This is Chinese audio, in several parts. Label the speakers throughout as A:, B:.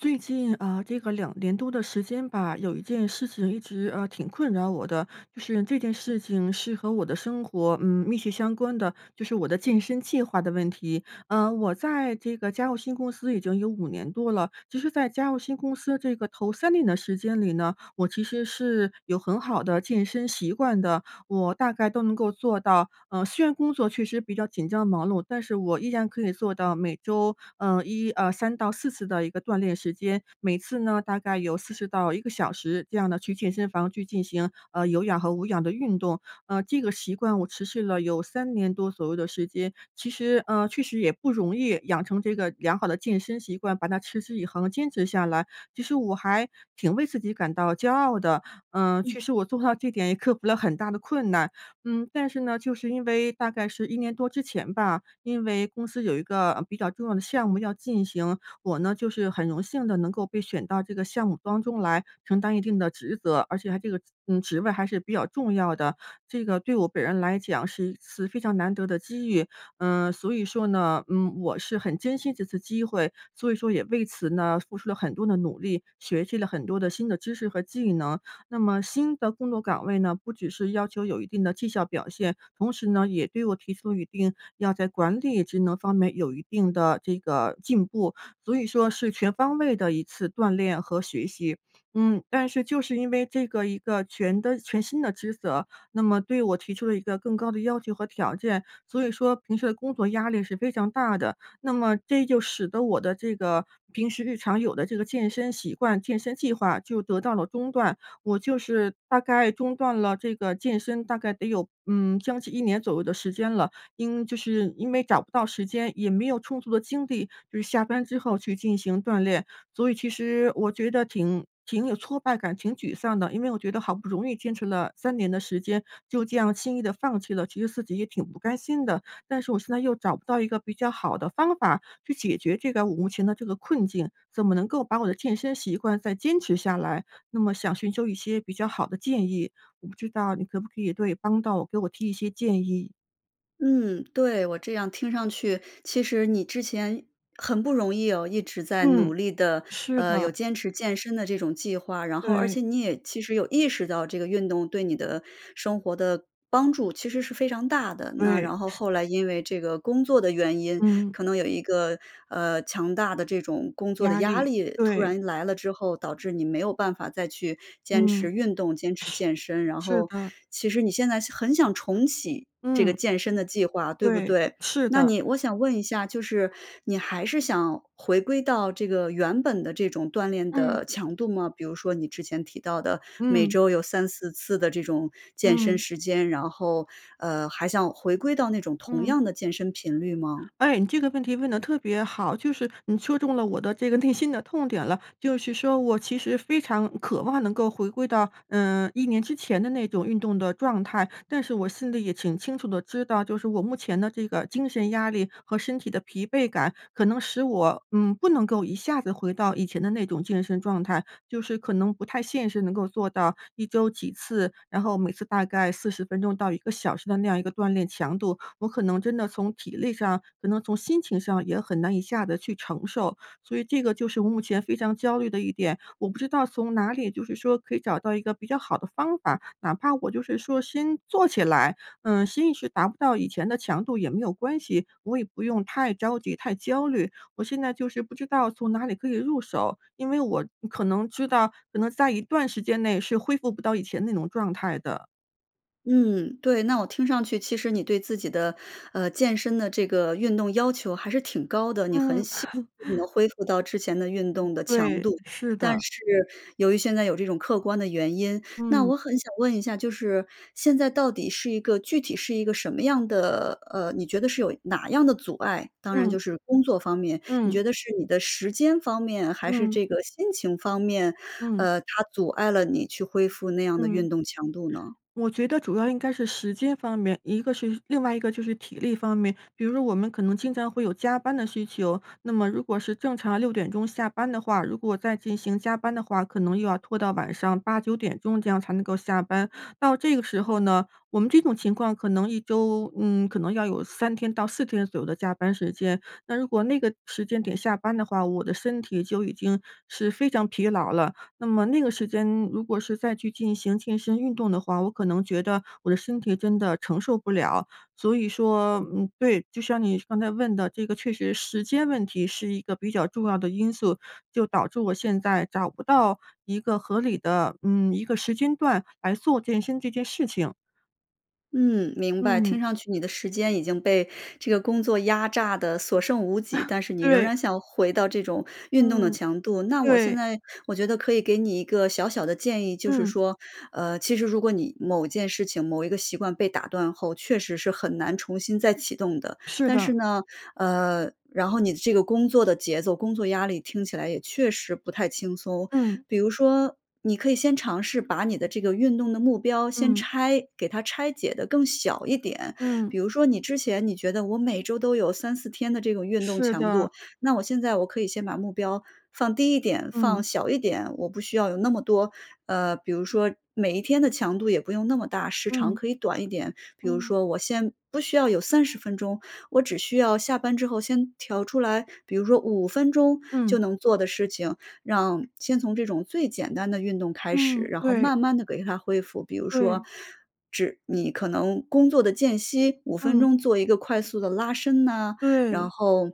A: 最近，呃，这个2年多的时间吧，有一件事情一直，呃，挺困扰我的。就是这件事情是和我的生活，嗯，密切相关的，就是我的健身计划的问题。呃，我在这个加入新公司已经有5年多了，其实在加入新公司这个头3年的时间里呢，我其实是有很好的健身习惯的。我大概都能够做到呃，虽然工作确实比较紧张忙碌，但是我依然可以做到每周，呃，1呃，3-4次的一个锻炼时间。每次呢，大概有40到1个小时这样的去健身房去进行，呃，有氧和无氧的运动。呃，这个习惯我持续了有3年多左右的时间，其实，呃，确实也不容易，养成这个良好的健身习惯，把它持之以恒地坚持下来。其实我还挺为自己感到骄傲的。嗯，
B: 嗯。
A: 确实我做到这点也克服了很大的困难。嗯，但是呢，就是因为大概是1年多之前吧，因为公司有一个，呃，比较重要的项目要进行。我呢，就是很荣幸地能够被选到这个项目当中来承担一定的职责，而且它这个，嗯，职位还是比较重要的。这个对我本人来讲是一次非常难得的机遇。呃，所以说呢，嗯，我是很珍惜这次机会，所以说也为此呢，付出了很多的努力，学习了很多的新的知识和技能。那么新的工作岗位呢，不只是要求有一定的绩效表现，同时呢，也对我提出一定要在管理职能方面有一定的这个进步，所以说是全方位的一次锻炼和学习。嗯，但是就是因为这个一个全的全新的职责，那么对我提出了一个更高的要求和条件。所以说平时的工作压力是非常大的，那么这就使得我的这个平时日常有的这个健身习惯、健身计划就得到了中断。我就是大概中断了这个健身大概得有，嗯，将近1年左右的时间了。因就是因为找不到时间，也没有充足的精力，就是下班之后去进行锻炼。所以其实我觉得挺挺有挫败感、挺沮丧的。因为我觉得好不容易坚持了3年的时间，就这样轻易地放弃了，其实自己也挺不甘心的。但是我现在又找不到一个比较好的方法去解决这个我目前的这个困境，怎么能够把我的健身习惯再坚持下来，那么想寻求一些比较好的建议，我不知道你可不可以对帮到我给我提一些建议。
B: 嗯，对，我这样听上去，其实你之前很不容易哦，一直在努
A: 嗯，
B: 力地，
A: 是
B: 呃，有
A: 的。
B: 坚持健身的这种计划，然后，而
A: 对。
B: 且你也其实有意识到这个运动对你的生活的帮助，其实是非常大的。那
A: 对，
B: 然后
A: 是。
B: 后来因为这个工作的原因，
A: 嗯。
B: 可能有一个，呃，强大的这种工作的
A: 压
B: 压
A: 力，
B: 力突
A: 对。
B: 然来了之后，导致你没有办法再去坚持
A: 嗯。
B: 运动，坚持健身。然
A: 是，是
B: 后，
A: 的。
B: 其实你现在想很想重启这个
A: 嗯。
B: 健身的计划，对不
A: 对，
B: 对？
A: 是
B: 那
A: 的。
B: 你我想问一下，就是你还是想回归到这个原本的这种锻炼的
A: 嗯。
B: 强度吗？比如说你之前提到的每
A: 嗯。
B: 周有3-4次的这种健身
A: 嗯。
B: 时间，然后，呃，还想回归到那种同
A: 嗯。
B: 样的健身频率吗？
A: 哎，你这个问题问得特别好，就是你说中了我的这个内心的痛点了。就是说我其实非常渴望能够回归到，呃，1年之前的那种运动的状态，但是我心里也挺清楚地知道，就是我目前的这个精神压力和身体的疲惫感，可能使我，嗯，不能够一下子回到以前的那种健身状态。就是可能不太现实，能够做到一周几次，然后每次大概40分钟到1个小时的那样一个锻炼强度。我可能真的从体力上，可能从心情上也很难一下子去承受。所以这个就是目前非常焦虑的一点，我不知道从哪里就是说可以找到一个比较好的方法，哪怕我就是说先做起来，嗯，先一时达不到以前的强度也没有关系，我也不用太着急，太焦虑。我现在就是不知道从哪里可以入手，因为我可能知道，可能在一段时间内是恢复不到以前那种状态的。
B: 嗯，对，那我听上去其实你对自己的，呃，健身的这个运动要求还是挺高的，你很
A: 嗯。
B: 想 [unintelligible] 恢复到之前的运动的强
A: 对，
B: 度，
A: 是
B: 但
A: 的。
B: 是由于现在有这种客观的原因。那
A: 嗯。
B: 我很想问一下，就是现在到底是一个具体是一个什么样的呃，你觉得是有哪样的阻碍？当然就
A: 嗯。
B: 是工作方面，你觉
A: 嗯。
B: 得是你的时间方面还是
A: 嗯。
B: 这个心情方面，
A: 嗯。
B: 呃，它阻碍了你去恢复那样的运
A: 嗯。
B: 动强度呢？
A: 我觉得主要应该是时间方面，一个是另外一个就是体力方面。比如说我们可能经常会有加班的需求，那么如果是正常6点钟下班的话，如果再进行加班的话，可能又要拖到晚上8、9点钟这样才能够下班。到这个时候呢，我们这种情况可能1周，嗯，可能要有3天到4天左右的加班时间。那如果那个时间点下班的话，我的身体就已经是非常疲劳了。那么那个时间如果是再去进行健身运动的话，我可能觉得我的身体真的承受不了。所以说，嗯，对，就像你刚才问的这个确实时间问题是一个比较重要的因素，就导致我现在找不到一个合理的，嗯，一个时间段来做健身这件事情。
B: 嗯，明白。
A: 嗯。
B: 听上去你的时间已经被这个工作压榨得所剩无几，但是你仍
A: 对。
B: 然想回到这种运动的
A: 嗯，
B: 强度，那我现
A: 对。
B: 在我觉得可以给你一个小小的建议。就是
A: 嗯。
B: 说，呃，其实如果你某件事情、某一个习惯被打断后，确实是很难重新再启动的。
A: 是
B: 但是
A: 的。
B: 呢呃，然后你的这个工作的节奏、工作压力听起来也确实不太轻松。
A: 嗯。
B: 比如说你可以先尝试把你的这个运动的目标先
A: 嗯。
B: 拆给它拆解得更小一点。
A: 嗯。
B: 比如说你之前你觉得我每周都有3-4天的这种运动
A: 是
B: 强
A: 的。
B: 度，那我现在我可以先把目标放低一点、放
A: 嗯。
B: 小一点，我不需要有那么多呃，比如说每一天的强度也不用那么大，时长
A: 嗯。
B: 可以短一点。比如
A: 嗯。
B: 说我先不需要有30分钟，我只需要下班之后先调出来，比如说5分钟就
A: 嗯。
B: 能做的事情，让先从这种最简单的运动开始，
A: 嗯，
B: 然后
A: 对。
B: 慢慢地给它恢复。比如说，
A: 对。
B: 只你可能工作的间隙5分
A: 嗯。
B: 钟做一个快速的拉伸呐，然
A: 对。
B: 后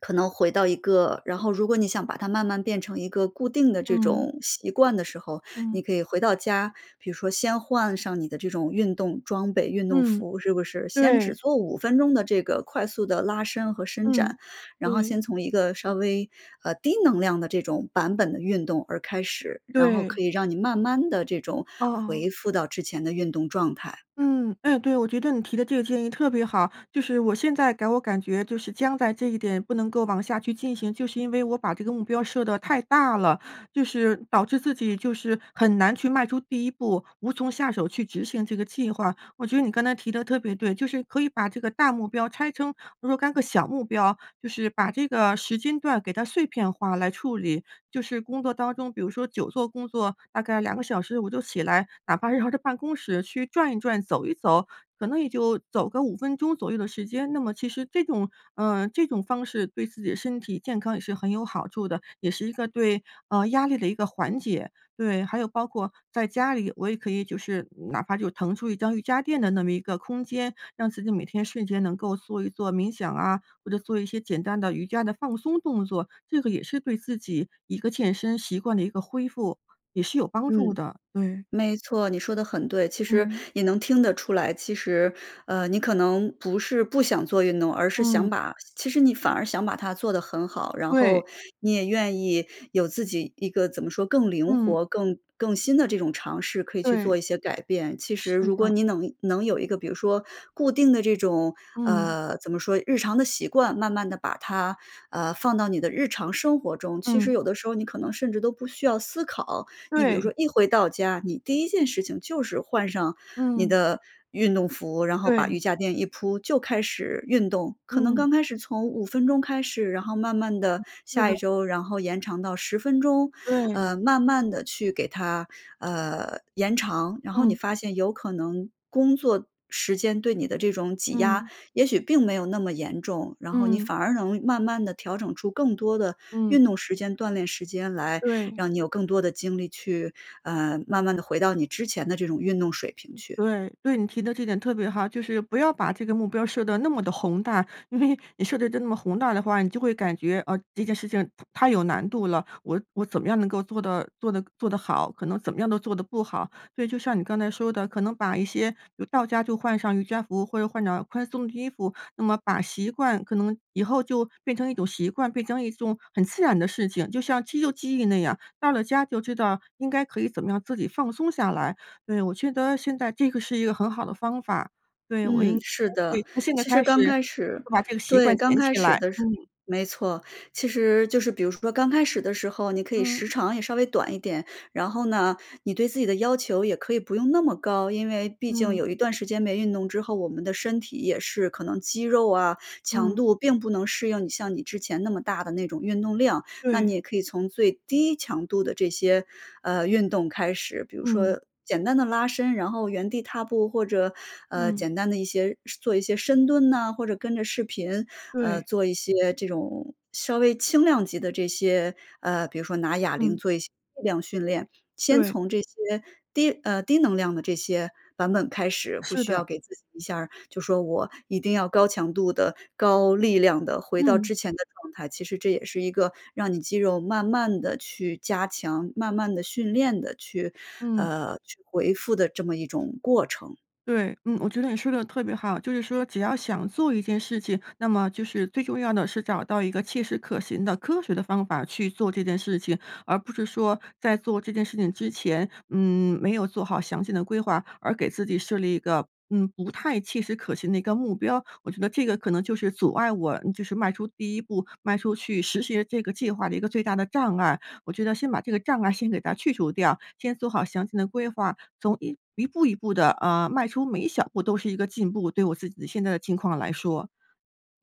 B: 可能回到一个然后如果你想把它慢慢变成一个固定的这
A: 嗯。
B: 种习惯的时候，你
A: 嗯。
B: 可以回到家，比如说先换上你的这种运动装备、运动
A: 嗯，
B: 服，是不是，先只
A: 对。
B: 做5分钟的这个快速的拉伸和伸展，
A: 嗯，
B: 然后
A: 对。
B: 先从一个稍微，呃，低能量的这种版本的运动而开始，然后
A: 对。
B: 可以让你慢慢地这种
A: 哦。
B: 回复到之前的运动状态。
A: 嗯，哎对，我觉得你提的这个建议特别好。就是我现在给我感觉就是僵在这一点不能够往下去进行，就是因为我把这个目标设得太大了，就是导致自己就是很难去迈出第1步，无从下手去执行这个计划。我觉得你刚才提得特别对，就是可以把这个大目标拆成若干个小目标，就是把这个时间段给它碎片化来处理。就是工作当中，比如说久坐工作，大概2个小时我就起来，哪怕绕着办公室去转一转、走一走，可能也就走个5分钟左右的时间，那么其实这种呃，这种方式对自己的身体健康也是很有好处的，也是一个对，呃，压力的一个缓解，对。还有包括在家里，我也可以就是哪怕就腾出1张瑜伽垫的那么一个空间，让自己每天睡前能够做一做冥想啊，或者做一些简单的瑜伽的放松动作，这个也是对自己一个健身习惯的一个恢复，也是有帮助
B: 嗯，
A: 的，对。
B: 没错，你说得很对。其实
A: 嗯。
B: 也能听得出来，其实，呃，你可能不是不想做运动，而是想
A: 嗯。
B: 把其实你反而想把它做得很好。然
A: 对。
B: 后你也愿意有自己一个怎么说更灵
A: 嗯。
B: 活、更更新的这种尝试可以去做
A: 对。
B: 一些改变。其实
A: 是
B: 如果
A: 的。
B: 你能能有一个比如说固定的这种
A: 嗯。
B: 呃，怎么说日常的习惯慢慢地把它，呃，放到你的日常生活中，其实
A: 嗯。
B: 有的时候你可能甚至都不需要思考。你比如
A: 对。
B: 说一回到家，你第1件事情就是换上你
A: 嗯。
B: 的运动服，然后把
A: 对。
B: 瑜伽垫一铺就开始运动。可能
A: 嗯。
B: 刚开始从5分钟开始，然后慢慢地
A: 嗯，对
B: 下
A: 的。
B: 一周，然后延长到10分钟，
A: 对。
B: 呃，慢慢地去给它，呃，延长。然后你
A: 嗯。
B: 发现有可能，工作时间对你的这种挤压
A: 嗯。
B: 也许并没有那么严重，然后你
A: 嗯。
B: 反而能慢慢地调整出更多的
A: 嗯。
B: 运动时间、锻炼时间来
A: 对。
B: 让你有更多的精力去，呃，慢慢地回到你之前的这种运动水平去。
A: 对，对，你提的这点特别好。就是不要把这个目标设得那么地宏大，因为你设得真那么宏大的话，你就会感觉，啊，这件事情太有难度了，我我怎么样能够做得做得做得好，可能怎么样都做得不好。所以就像你刚才说的，可能把一些有到家就换上瑜伽服或者换上宽松的衣服，那么把习惯可能以后就变成一种习惯，变成一种很自然的事情，就像肌肉记忆那样。到了家就知道应该可以怎么样自己放松下来，对。我觉得现在这个是一个很好的方法，对，我
B: 嗯，
A: 应该
B: 是
A: 会，
B: 的。
A: 从现在
B: 其实
A: 开
B: 刚
A: 始
B: 开始
A: 就把这个习
B: 对，
A: 惯
B: 刚
A: 捡
B: 开
A: 起
B: 始
A: 来，
B: 的是
A: 嗯。
B: 没错，其实就是比如说刚开始的时候，你可以
A: 嗯。
B: 时长也稍微短一点。然后呢，你对自己的要求也可以不用那么高。因为毕竟
A: 嗯。
B: 有一段时间没运动之后，我们的身体也是可能肌肉啊、强
A: 嗯。
B: 度并不能适应你像你之前那么大的那种运动量，那你
A: 对。
B: 也可以从最低强度的这些，呃，运动开始。比如
A: 嗯。
B: 说简单的拉伸，然后，原地踏步或者，呃，
A: 嗯。
B: 简单的一些做一些深蹲啊，或者跟着视频，呃，
A: 对。
B: 做一些这种稍微轻量级的这些呃，比如说拿哑铃
A: 嗯。
B: 做一些适量训练。先
A: 对。
B: 从这些低呃，低能量的这些版本开始，不
A: 是
B: 需要
A: 的。
B: 给自己一下儿，就说我一定要高强度地、高力量地回到
A: 嗯。
B: 之前的状态。其实这也是一个让你肌肉慢慢地去加强，慢慢地训练地去
A: 嗯。
B: 呃，去恢复的这么一种过程。
A: 对，嗯，我觉得你说得特别好。就是说只要想做一件事情，那么就是，最重要的是找到一个切实可行的、科学的方法去做这件事情，而不是说在做这件事情之前，嗯，没有做好详细的规划，而给自己设立一个嗯，不太切实可行的的一个目标。我觉得这个可能就是阻碍我就是迈出第1步，迈出去实行这个计划的一个最大的障碍。我觉得先把这个障碍先给它去除掉，先做好详细的规划，从一一步一步地，啊，迈出每一小步都是一个进步，对我自己的现在的情况来说。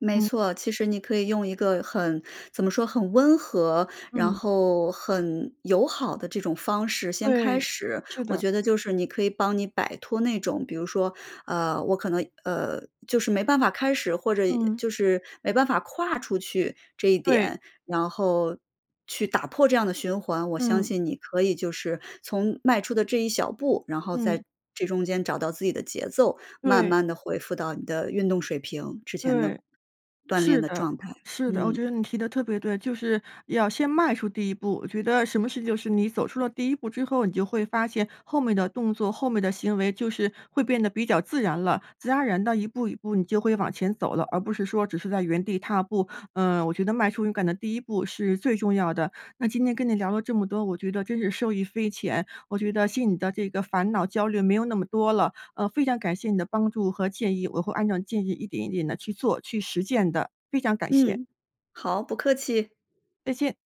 B: 没
A: 嗯。
B: 错，其实你可以用一个很怎么说，很温和，然
A: 嗯。
B: 后很友好的这种方式先开
A: 对，
B: 始。
A: 是
B: 我
A: 的。
B: 觉得就是你可以帮你摆脱那种，比如说，呃，我可能，呃，就是没办法开始，或者
A: 嗯。
B: 就是没办法跨出去这一
A: 对。
B: 点，然后去打破这样的循环。我相
A: 嗯。
B: 信你可以就是从迈出的这一小步，然后在
A: 嗯。
B: 这中间找到自己的节奏，慢
A: 对。
B: 慢地恢复到你的运动水平、之前的
A: 对，
B: 锻炼
A: 是
B: 的
A: 的，
B: 状态，
A: 是的。我
B: 嗯。
A: 觉得你提得特别对，就是要先迈出第1步，我觉得什么事就是你走出了第1步之后，你就会发现后面的动作、后面的行为就是会变得比较自然了。自然而然地一步一步你就会往前走了，而不是说只是在原地踏步。呃，我觉得迈出勇敢的第1步是最重要的。那今天跟你聊了这么多，我觉得真是受益匪浅，我觉得心里的这个烦恼焦虑没有那么多了。呃，非常感谢你的帮助和建议，我会按照建议一点一点地去做、去实践的，非常感谢。
B: 嗯，好，不客气。
A: 再见。